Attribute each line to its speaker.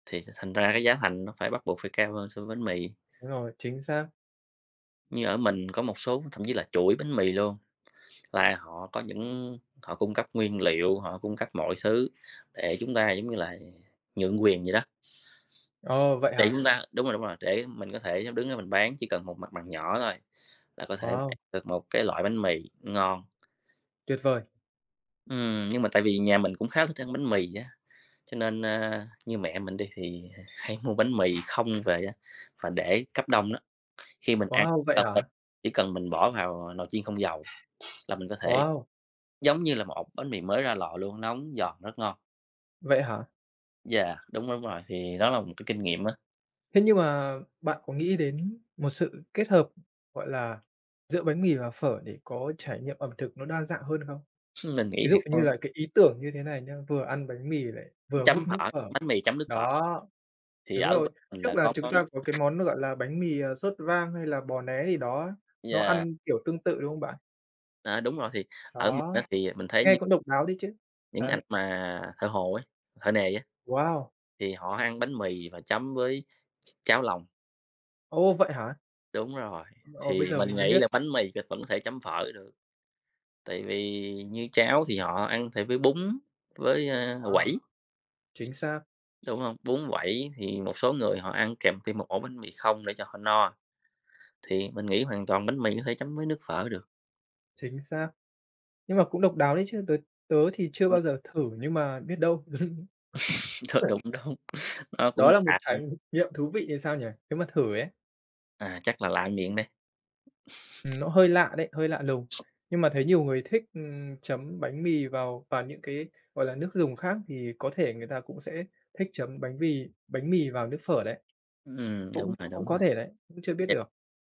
Speaker 1: Thì thành thành ra cái giá thành nó phải bắt buộc phải cao hơn so với bánh mì.
Speaker 2: Đúng rồi, chính xác.
Speaker 1: Như ở mình có một số thậm chí là chuỗi bánh mì luôn, là họ có những họ cung cấp nguyên liệu, họ cung cấp mọi xứ để chúng ta giống như là, ờ, nhượng quyền vậy đó.
Speaker 2: Ồ, vậy
Speaker 1: Để
Speaker 2: hả?
Speaker 1: chúng ta đúng rồi, đúng rồi, để mình có thể đứng ra mình bán, chỉ cần một mặt bằng nhỏ thôi, là có thể bán
Speaker 2: Wow!
Speaker 1: được một cái loại bánh mì ngon.
Speaker 2: Tuyệt vời.
Speaker 1: Ừm, nhưng mà tại vì nhà mình cũng khá thích ăn bánh mì á, cho nên, ơ như mẹ mình đi thì, à, hay mua bánh mì không về á và để cấp đông nó, khi mình ăn,
Speaker 2: Wow! Vậy
Speaker 1: [unintelligible]
Speaker 2: hả?
Speaker 1: chỉ cần mình bỏ vào nồi chiên không dầu, là mình có thể
Speaker 2: Wow!
Speaker 1: giống như là một ổ bánh mì mới ra lò luôn, nóng giòn rất ngon.
Speaker 2: Vậy hả?
Speaker 1: Yeah, đúng, đúng rồi, thì đó là một cái kinh nghiệm á.
Speaker 2: Thế nhưng mà bạn có nghĩ đến một sự kết hợp, gọi là, giữa bánh mì và phở để có trải nghiệm ẩm thực nó đa dạng hơn không?
Speaker 1: Mình nghĩ
Speaker 2: Ví
Speaker 1: thì
Speaker 2: dụ như là
Speaker 1: [unintelligible]
Speaker 2: cái ý tưởng như thế này nhá, vừa ăn bánh mì lại vừa húp
Speaker 1: Chấm
Speaker 2: nước
Speaker 1: phở,
Speaker 2: phở.
Speaker 1: bánh mì chấm nước phở.
Speaker 2: Đó.
Speaker 1: Thì
Speaker 2: Đúng
Speaker 1: ở
Speaker 2: rồi.
Speaker 1: bên mình
Speaker 2: Trước
Speaker 1: là
Speaker 2: là
Speaker 1: có
Speaker 2: chúng
Speaker 1: có
Speaker 2: ta có cái món nó gọi là bánh mì, ờ, sốt vang hay là bò né gì đó, nó
Speaker 1: Yeah.
Speaker 2: ăn kiểu tương tự, đúng không bạn?
Speaker 1: À, đúng rồi, thì ở mình á
Speaker 2: Đó.
Speaker 1: thì mình thấy
Speaker 2: Nghe
Speaker 1: những
Speaker 2: cũng độc đáo đấy chứ.
Speaker 1: những anh
Speaker 2: Đấy.
Speaker 1: mà thợ hồ ấy, thợ nề á,
Speaker 2: Wow!
Speaker 1: thì họ ăn bánh mì và chấm với cháo lòng.
Speaker 2: Ồ, vậy hả?
Speaker 1: Đúng rồi.
Speaker 2: Ồ, bây
Speaker 1: Thì
Speaker 2: giờ
Speaker 1: mình
Speaker 2: mình mới
Speaker 1: nghĩ
Speaker 2: biết.
Speaker 1: là bánh mì thì vẫn có thể chấm phở được, tại vì như cháo thì họ ăn thì với bún, với, a,
Speaker 2: Wow!
Speaker 1: quẩy,
Speaker 2: Chính xác.
Speaker 1: đúng hông? Bún quẩy thì một số người họ ăn kèm thêm một ổ bánh mì không để cho họ no, thì mình nghĩ hoàn toàn bánh mì có thể chấm với nước phở được.
Speaker 2: Chính xác. Nhưng mà cũng độc đáo đấy chứ, t tớ thì chưa
Speaker 1: Ừm.
Speaker 2: bao giờ thử, nhưng mà biết đâu.
Speaker 1: Th đúng,
Speaker 2: [unintelligible]
Speaker 1: đúng. Nó
Speaker 2: Đó
Speaker 1: cũng
Speaker 2: là một
Speaker 1: lạ nữa.
Speaker 2: trải nghiệm thú vị thì sao nhỉ? Nếu mà thử ấy.
Speaker 1: À, chắc là lạ miệng đây.
Speaker 2: Ừm, nó hơi lạ đấy, hơi lạ lùng. Nhưng mà thấy nhiều người thích, ừm, chấm bánh mì vào vào những cái, gọi là, nước dùng khác thì có thể người ta cũng sẽ thích chấm bánh mì bánh mì vào nước phở đấy.
Speaker 1: Ừm, đúng
Speaker 2: Cũng
Speaker 1: rồi,
Speaker 2: cũng
Speaker 1: đúng
Speaker 2: có
Speaker 1: rồi.
Speaker 2: thể đấy, cũng chưa biết
Speaker 1: Yeah.
Speaker 2: được.